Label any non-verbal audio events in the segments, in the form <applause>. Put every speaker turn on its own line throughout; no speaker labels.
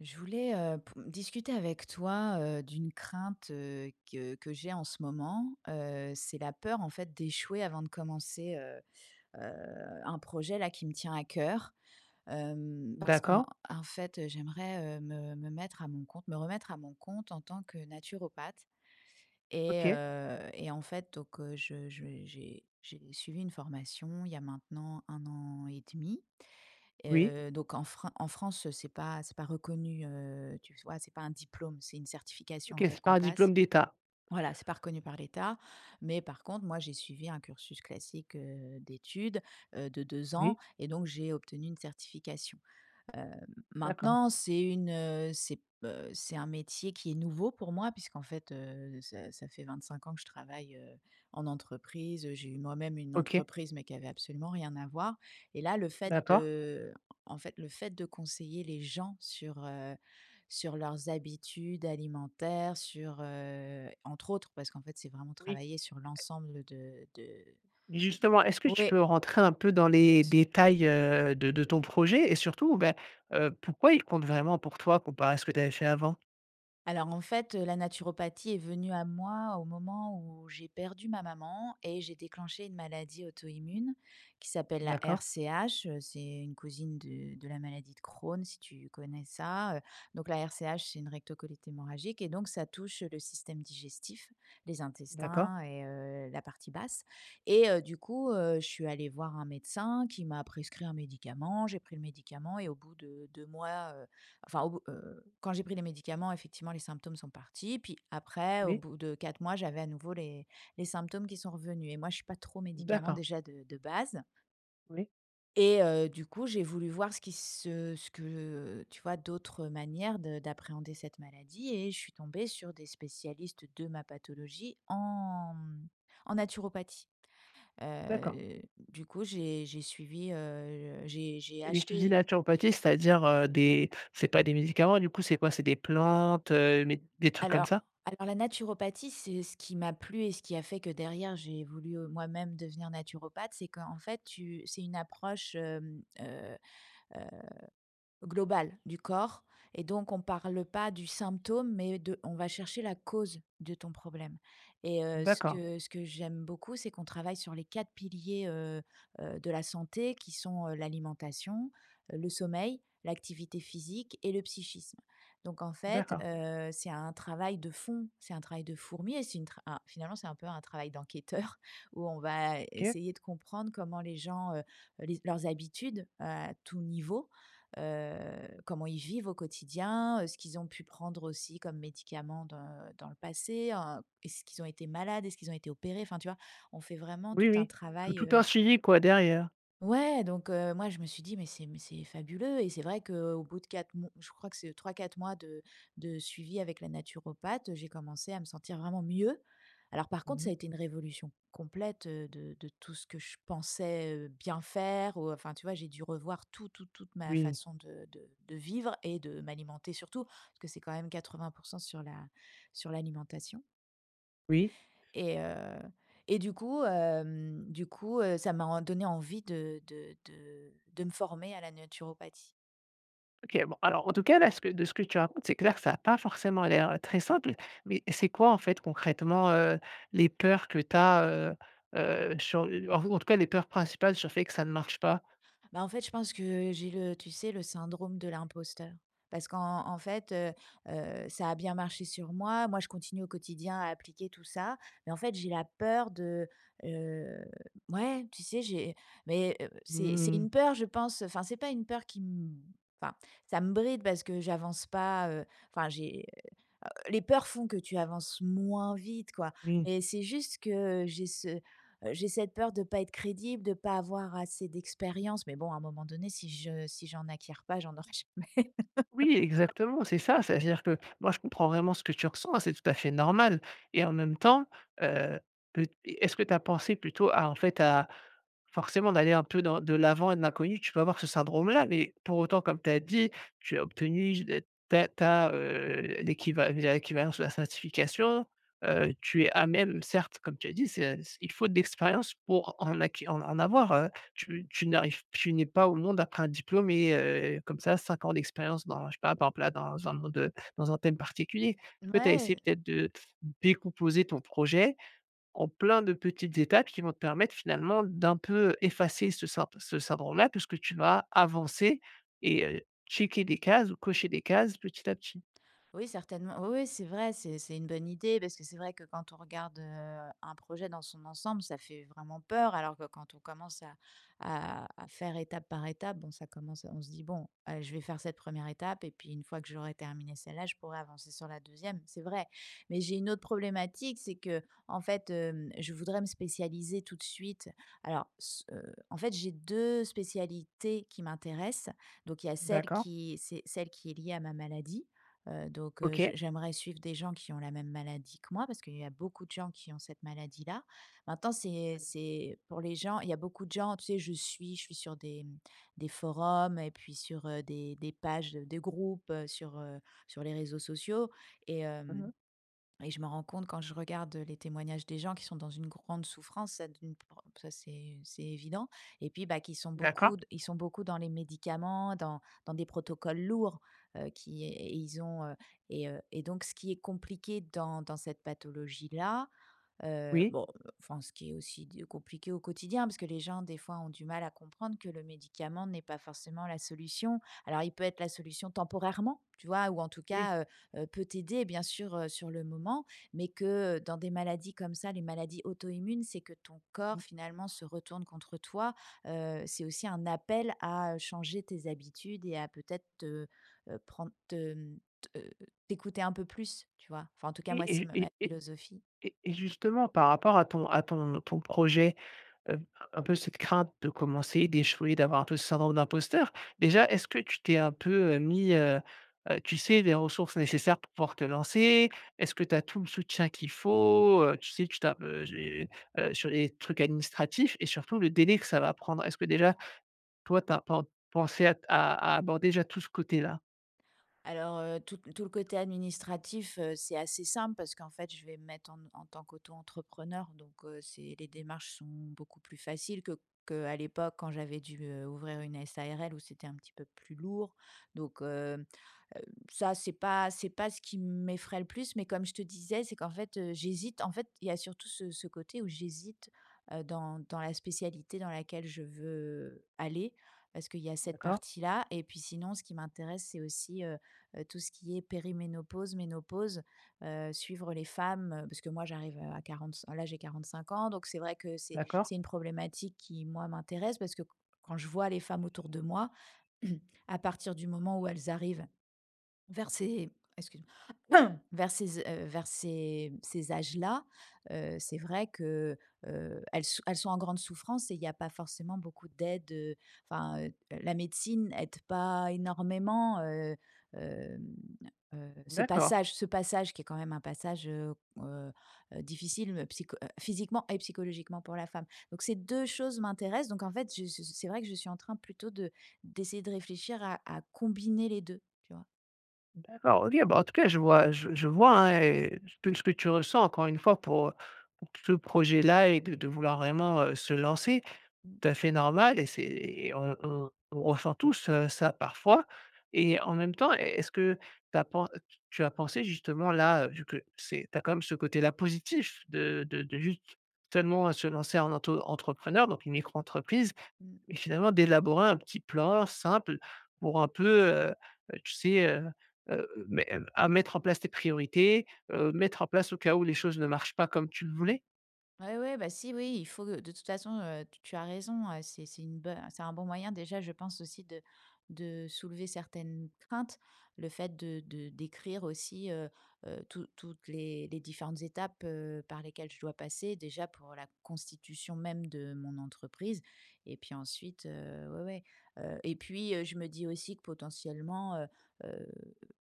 Je voulais, heu, pou discuter avec toi, heu, d'une crainte, heu, que que j'ai en ce moment, heu, c'est la peur, en fait, d'échouer avant de commencer, heu heu, un projet, là, qui me tient à cœur, hem, parce qu'en
D'accord.
en fait, heu, j'aimerais, heu, me me mettre à mon compte. Me remettre à mon compte en tant que naturopathe et
OK.
heu et en fait, donc heu, je je j'ai j'ai suivi une formation il y a maintenant 1 an et 1/2,
Oui.
heu, donc en fran en France, c'est pas c'est pas reconnu, heu, tu vois? C'est pas un diplôme, c'est une certification,
OK,
en
c'est
fait,
pas
qu'on
un diplôme
passe
d'État?
voilà, c'est pas reconnu par l'état mais par contre, moi, j'ai suivi un cursus classique, heu, d'études, heu, de 2 ans
Oui.
et donc j'ai obtenu une certification. Hem,
D'accord.
maintenant, c'est une, heu, c'est b heu, c'est un métier qui est nouveau pour moi puisqu'en fait, heu, ça ça fait 25 ans que je travaille, heu, en entreprise. J'ai eu moi-même une
OK.
entreprise mais qui avait absolument rien à voir et là, le fait,
D'accord.
de en fait, le fait de conseiller les gens sur, heu, sur leurs habitudes alimentaires, sur, heu entre autres parce qu'en fait, c'est vraiment
Oui
travailler sur
et
l'ensemble de de
justement, est-ce que tu peux
Ouais.
rentrer un peu dans
Bien
les
su
détails, heu, de de ton projet et surtout, ben, heu, pourquoi il compte vraiment pour toi comparé à ce que tu avais fait avant?
Alors, en fait, heu, la naturopathie est venue à moi au moment où j'ai perdu ma maman et j'ai déclenché une maladie auto-immune qui s'appelle la
D'accord.
RCH, heu, c'est une cousine de de la maladie de Crohn si tu connais ça, heu, donc la RCH, c'est une recto-colite hémorragique et donc ça touche le système digestif, les
D'accord.
intestins et heu, la partie basse et heu, du coup, heu, je suis allée voir un médecin qui m'a prescrit un médicament, j'ai pris le médicament et au bout de 2 mois, heu, enfin, heu, quand j'ai pris les médicaments effectivement, les symptômes sont partis puis après au
Oui.
bout de 4 mois, j'avais à nouveau les les symptômes qui sont revenus et moi, je suis pas trop médicament
D'accord.
déjà de de base
Oui.
et heu, du coup, j'ai voulu voir ce qui ce ce que tu vois, d'autres manières de d'appréhender cette maladie et je suis tombée sur des spécialistes de ma pathologie en, mmh, en naturopathie,
D'accord.
heu, du coup, j'ai j'ai suivi, heu, j'ai j'ai
Et tu dis:
acheté
«Naturopathie», c'est-à-dire, heu, des c'est pas des médicaments, du coup, c'est quoi, c'est des plantes, heu, méd des trucs comme
Alors
ça?
alors, la naturopathie, c'est ce qui m'a plu et ce qui a fait que derrière j'ai voulu moi-même devenir naturopathe, c'est qu'en fait, tu c'est une approche, hem, heu heu, globale du corps et donc, on parle pas du symptôme mais de on va chercher la cause de ton problème et heu, ce
D'accord.
que ce que j'aime beaucoup, c'est qu'on travaille sur les 4 piliers, heu heu, de la santé qui sont, heu, l'alimentation, heu, le sommeil, l'activité physique et le psychisme donc, en fait,
D'accord.
heu, c'est un travail de fond, c'est un travail de fourmi et c'est une tra un finalement, c'est un peu un travail d'enquêteur où on va
OK.
essayer de comprendre comment les gens, heu heu, les leurs habitudes à tout niveau, heu, comment ils vivent au quotidien, heu, ce qu'ils ont pu prendre aussi comme médicament dans dans le passé, heu, est-ce qu'ils ont été malades, est-ce qu'ils ont été opérés, enfin, tu vois, on fait vraiment
Oui,
tout un
oui, tout
travail,
tout un
heu
suivi, quoi, derrière.
Ouais donc heu, moi je me suis dit: «Mais c'est mais c'est fabuleux». Et c'est vrai qu'au bout de 4 m je crois que c'est 3-4 mois de de suivi avec la naturopathe. J'ai commencé à me sentir vraiment mieux. Alors par contre,
Mmh mh.
ça a été une révolution complète, heu, de de tout ce que je pensais, heu, bien faire ou enfin, tu vois? J'ai dû revoir tout tout toute ma
Oui.
façon de de de vivre et de m'alimenter surtout parce que c'est quand même 80 % sur la sur l'alimentation.
Oui.
Et heu, et du coup, hem, du coup, heu, ça m'a en donné envie de de de de me former à la naturopathie.
OK, bon alors en tout cas là, ce que de ce que tu racontes, c'est clair que ça a pas forcément l'air très simple mais c'est quoi en fait concrètement, heu, les peurs que tu as, heu heu, sur le en tout en cas les peurs principales sur fait que ça ne marche pas?
Bah, en fait, je pense que j'ai le, tu sais? Le syndrome de l'imposteur parce qu'en en fait, heu heu, ça a bien marché sur moi. Moi, je continue au quotidien à appliquer tout ça, mais en fait, j'ai la peur de heu, ouais, tu sais? J'ai mais heu, c'est c'est
Mmh mh
une peur je pense, enfin, c'est pas une peur qui m enfin, ça me bride parce que j'avance pas, heu, enfin j'ai, heu, les peurs font que tu avances moins vite, quoi
Oui.
mais c'est juste que j'ai ce, heu, j'ai cette peur de pas être crédible, de pas avoir assez d'expérience, mais bon, à un moment donné, si je si j'en acquiers pas, j'en aurais jamais.
Oui
<chuckles>
exactement, c'est ça. Ça veut dire que moi je comprends vraiment ce que tu ressens, hein, c'est tout à fait normal et en même temps, heu, peu est-ce que tu as pensée plutôt à en fait à forcément d'aller un peu dans de l'avant et de l'inconnu, tu peux avoir ce syndrome là? Mais pour autant comme tu as dit: «Tu as obtenu ta ta, heu, l'équival l'équivalence de la certification» heu, tu es à même. Certes comme tu as dit c'est il faut de l'expérience pour en acqui en avoir, heu,
Mmh.
tu tu n'arrives tu n'es pas au monde après un diplôme et heu, comme ça 5 ans d'expérience dans je sais pas par exemple là dans un monde, heu, dans un thème particulier. Est-ce que tu as essayé
Mouais.
peut-être de décomposer ton projet en plein de petites étapes qui vont te permettre finalement d'un peu effacer ce ce syndrome-là puisque tu vas avancer et heu, checker des cases ou cocher des cases petit à petit?
Oui, certainement oui, oui c'est vrai, c'est c'est une bonne idée parce que c'est vrai que quand on regarde, heu, un projet dans son ensemble, ça fait vraiment peur alors que quand on commence à à à faire étape par étape bon ça commence on se dit: «Bon, aller je vais faire cette 1re étape et puis une fois que j'aurai terminé celle-là je pourrais avancer sur la 2e». C'est vrai mais j'ai une autre problématique c'est qu'en fait, hem, je voudrais me spécialiser tout de suite alors, ce, heu, en fait j'ai 2 spécialités qui m'intéressent donc il y a celle
D'accord.
qui c'est celle qui est lié à ma maladie, heu, donc heu, j
OK.
j'aimerais suivre des gens qui ont la même maladie que moi parce qu'il y a beaucoup de gens qui ont cette maladie là. Maintenant c'est c'est pour les gens, il y a beaucoup de gens, tu sais? Je suis je suis sur des, mmh, des forums et puis sur, heu, des des pages de groupes sur, heu, sur les réseaux sociaux et
Mmh
hem
mh.
et je me rends compte quand je regarde les témoignages des gens qui sont dans une grande souffrance. Ça d'une prend ça c'est c'est évident et puis bah, qui sont
D'accord.
beaucoup ils sont beaucoup dans les médicaments dans dans des protocoles lourds, heu, qui et ils ont, heu et heu et donc ce qui est compliqué dans dans cette pathologie là, heu
Oui.
bon enfin ce qui est aussi d compliqué au quotidien parce que les gens des fois ont du mal à comprendre que le médicament n'est pas forcément la solution. Alors, il peut être la solution temporairement, tu vois? Ou en tout
Oui.
cas, heu, heu, peut t'aider bien sûr, heu, sur le moment mais que dans des maladies comme ça, les maladies auto-immunes, c'est que ton corps
Mmh.
finalement se retourne contre toi, heu, c'est aussi un appel à changer tes habitudes et à peut-être te, heu, prendre te, hem, te t'écouter un peu plus tu vois? Enfin en tout cas
Oui
moi c'est
et
ma ma
et et
philosophie.
et et justement par rapport à ton à ton ton projet, heu, un peu cette crainte de commencer, d'échouer, d'avoir un peu ce syndrome d'imposteur. Déjà est-ce que tu t'es un peu, heu, mis, heu heu, tu sais? Les ressources nécessaires pour pouvoir te lancer? Est-ce que tu as tout le soutien qu'il faut, heu, tu sais? Tu tapes heu, j'ai sur les trucs administratifs et surtout le délai que ça va prendre? Est-ce que déjà toi tu as pen pensée à à aborder tout ce côté-là?
Alors, heu, tout tout le côté administratif, heu, c'est assez simple parce qu'en fait je vais me mettre en en tant qu'auto-entrepreneur donc, heu, c'est les démarches sont beaucoup plus faciles que que à l'époque, quand j'avais dû, heu, ouvrir une SARL où c'était un petit peu plus lourd. Donc hem, heu, ça c'est pas c'est pas ce qui m'effraie le plus. Mais comme je te disais, c'est qu'en fait, heu, j'hésite en fait, il y a surtout ce ce côté où j'hésite heu, dans dans la spécialité dans laquelle je veux aller parce qu'il y a cette
D'accord.
partie-là et puis sinon ce qui m'intéresse, c'est aussi, heu heu, tout ce qui est périménopause, ménopause, heu, suivre les femmes. Heu, parce que moi j'arrive à à quarante-cin là, j'ai 45 ans donc c'est vrai que c'est
D'accord.
c'est une problématique qui, moi, m'intéresse parce que q quand je vois les femmes autour de moi, <clears throat> à partir du moment où elles arrivent vers ces excuse-moi <coughs> vers ces z heu, vers ces e vers ces ces âges-là, heu, c'est vrai que, heu heu, elles s elles sont en grande souffrance et il y a pas forcément beaucoup d'aide, heu enfin, heu, la médecine aide pas énormément heu, hem, heu, ce
D'accord.
passage ce passage qui est quand même un passage, heu heu heu, difficile me psycho heu, physiquement et psychologiquement pour la femme. Donc ces 2 choses m'intéressent donc en fait je ce ce c'est vrai que je suis en train plutôt de d'essayer de réfléchir à à combiner les 2, tu vois?
D'accord, OK. Bah en tout cas, je vois, heu, je je vois, hein et tout ce que tu ressens, encore une fois, pour, heu, t ce projet-là et de de vouloir vraiment, heu, se lancer.
Mmh.
Tout à fait normal et c'est et on on on ressent tous, heu, ça, parfois et en même temps, est est-ce que tu as pen heu, tu tu as pensé justement là, heu, vu que c'est tu as quand même ce côté-là positif, de de de juste tellement, heu, se lancer en auto-entrepreneur, donc une micro-entreprise
Mmh.
et finalement d'élaborer un petit plan simple pour un peu, heu heu, tu sais, heu heu, me à mettre en place tes priorités, heu, mettre en place au cas où les choses ne marchent pas comme tu le
Mmh.
voulais?
Ouais, ouais, bah si, oui, il faut, heu, de toute façon, heu, tu tu as raison, heu, c'est c'est une bo c'est un bon moyen déjà, je pense aussi, de de soulever certaines craintes. Le fait de de d'écrire aussi, heu heu, tou toutes les les différentes étapes heu, par lesquelles je dois passer, déjà, pour la constitution même de mon entreprise et puis ensuite, heu, ouais, ouais. Heu et puis, heu, je me dis aussi que potentiellement, heu heu,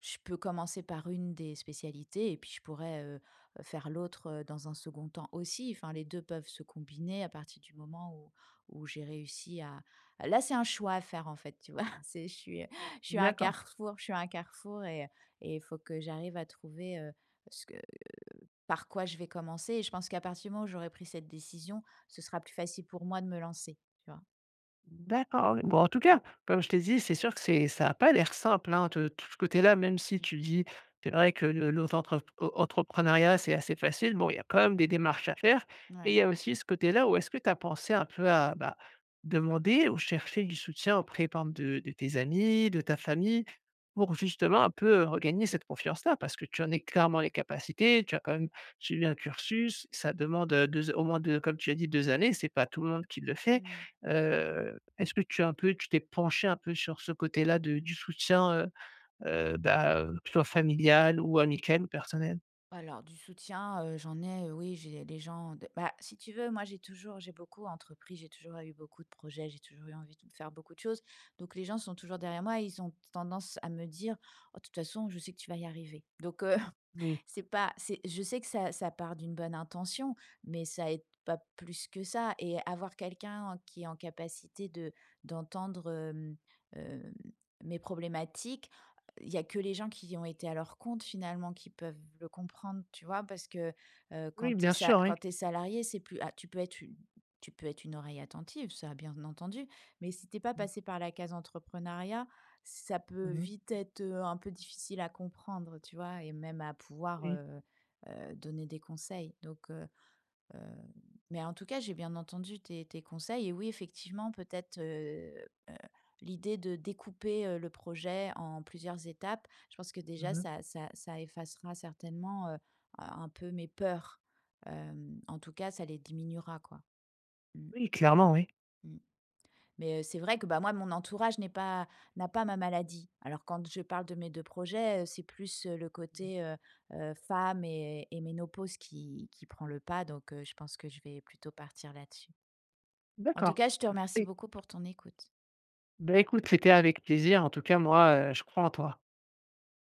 je peux commencer par une des spécialités et puis je pourrais, heu, faire l'autre, heu, dans un 2nd temps aussi, enfin les 2 peuvent se combiner à partir du moment, où où j'ai réussi à là c'est un choix à faire, en fait, tu vois? C'est je suis <chuckles> je suis à un
D'accord.
carrefour je suis à un carrefour et heu et il faut que j'arrive à trouver, heu, ce que, heu, par quoi je vais commencer et je pense qu'à partir du moment où j'aurai pris cette décision, ce sera plus facile pour moi de me lancer, tu vois?
D'accord, ouais, bon en tout cas comme je t'ai dit c'est sûr que c'est ça a pas l'air simple hein t tout ce côté là, même si tu dis c'est vrai que le l'autre entre au entrepreneuriat c'est assez facile, bon, il y a quand même des démarches à faire
N
et il
ouais.
y a aussi ce côté là où est-ce que tu as pensé un peu à, bah, demander ou chercher du soutien auprès par exemple de de tes amis, de ta famille pour justement un peu, heu, regagner cette confiance là? Parce que tu en es clairement les capacités, tu as quand même suivi un cursus, ça demande, heu, 2 au moins 2 comme tu as dit 2 années, c'est pas tout le monde qui le fait,
Mmh.
heu est-ce que tu as un peu tu t'es penchée un peu sur ce côté là de du soutien heu heu, bah heu, plan familial ou amical ou personnel?
Alors du soutien, heu, j'en ai, heu, oui j'ai les gens de bah, si tu veux moi j'ai toujours, j'ai beaucoup entrepris, j'ai toujours eu beaucoup de projets, j'ai toujours eu envie de faire beaucoup de choses. Donc les gens sont toujours derrière moi et ils ont tendance à me dire: «Oh, de toute façon, je sais que tu vas y arriver» donc heu,
Oui.
c'est pas c'est je sais que ça ça part d'une bonne intention, mais ça aide pas plus que ça et avoir quelqu'un en qui est en capacité de d'entendre, hem hem, mes problématiques, il y a que les gens qui ont été à leur compte finalement qui peuvent le comprendre, tu vois? Parce que, heu, quand
Oui.
tu es
Bien
sa
sûr, oui.
quand tu es salariée c'est plus a tu peux être u tu peux être une oreille attentive ça bien entendu, mais si tu es pas
Mmh.
passé par la case entrepreneuriat, ça peut
Mmh mh.
vite être, heu, un peu difficile à comprendre, tu vois? Et même à pouvoir,
Oui.
heu heu, donner des conseils donc heu heu, mais en tout cas, j'ai bien entendu tes tes conseils et oui, effectivement, peut-être, heu heu, l'idée de découper, heu, le projet en plusieurs étapes, je pense que déjà
Mmh mh.
ça ça ça effacera certainement, heu, un un peu mes peurs, hem, en tout cas ça les diminuera quoi. Mmh.
Oui, clairement oui.
Mmh. Mais heu, c'est vrai que, bah, moi mon entourage n'est pas n'a pas ma maladie. Alors quand je parle de mes 2 projets, heu, c'est plus le
<unintelligible>
côté, heu heu, femme et et ménopause qui qui prend le pas, donc heu, je pense que je vais plutôt partir là-dessus. En tout
D'accord
cas, je te remercie
et
beaucoup pour ton écoute.
Bah écoute, c'était avec plaisir en tout cas moi, heu, je crois en toi.